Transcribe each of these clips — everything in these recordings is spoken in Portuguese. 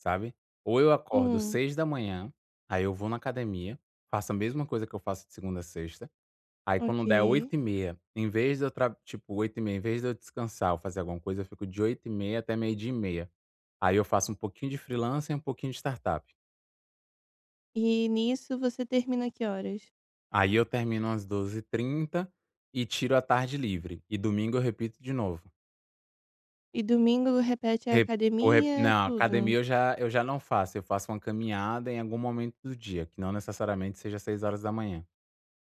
Sabe? Ou eu acordo Hum. 6h, aí eu vou na academia, faço a mesma coisa que eu faço de segunda a sexta, aí quando der Ok. 8h30 em vez de eu tra tipo 8h30 em vez de eu descansar ou fazer alguma coisa, eu fico de 8h30 até 12h30 aí eu faço um pouquinho de freelancer e um pouquinho de startup. E nisso você termina que horas? Aí eu termino às 12h30 e tiro à tarde livre e domingo eu repito de novo. E domingo repete a Rep vo rep academia, não tudo? academia eu já eu já não faço, eu faço uma caminhada em algum momento do dia que não necessariamente seja 6h.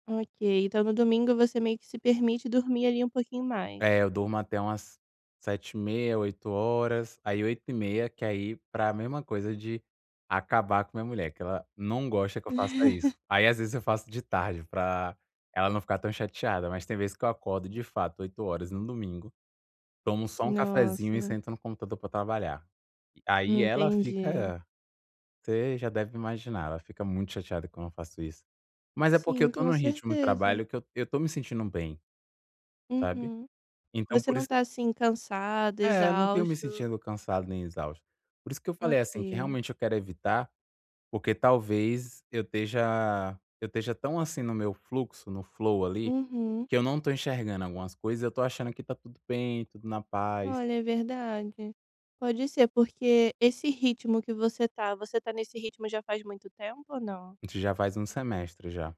Ok, então no domingo você meio que se permite dormir ali um pouquinho mais. É eu durmo até umas 7h30 8h, aí 8h30 que aí, pra mesma coisa de acabar com minha mulher, que ela não gosta que eu faça isso, aí às vezes eu faço de tarde pra ela não ficar tão chateada mas tem vez que eu acordo de fato 8h no domingo, tomo só um cafezinho e Nossa. sento no computador pra trabalhar. Aí ela Entendi. fica, você já deve imaginar, ela fica muito chateada quando eu faço isso. Mas é porque eu Sim, estou com num ritmo de certeza. trabalho que eu eu estou me sentindo bem. Sabe? Uhum. Então Você por não isso está assim, cansado, É eu não tenho me exausto? sentido cansado nem exausto, por isso que eu falei assim que Ok. realmente eu quero evitar, porque talvez eu esteja eu esteja tão assim no meu fluxo no flow ali Uhum. que eu não estou enxergando algumas coisas e eu estou achando que está tudo bem, tudo na paz. Olha é verdade, pode ser porque esse ritmo que você está, você está nesse ritmo já faz muito tempo ou não? De já faz 1 semestre já.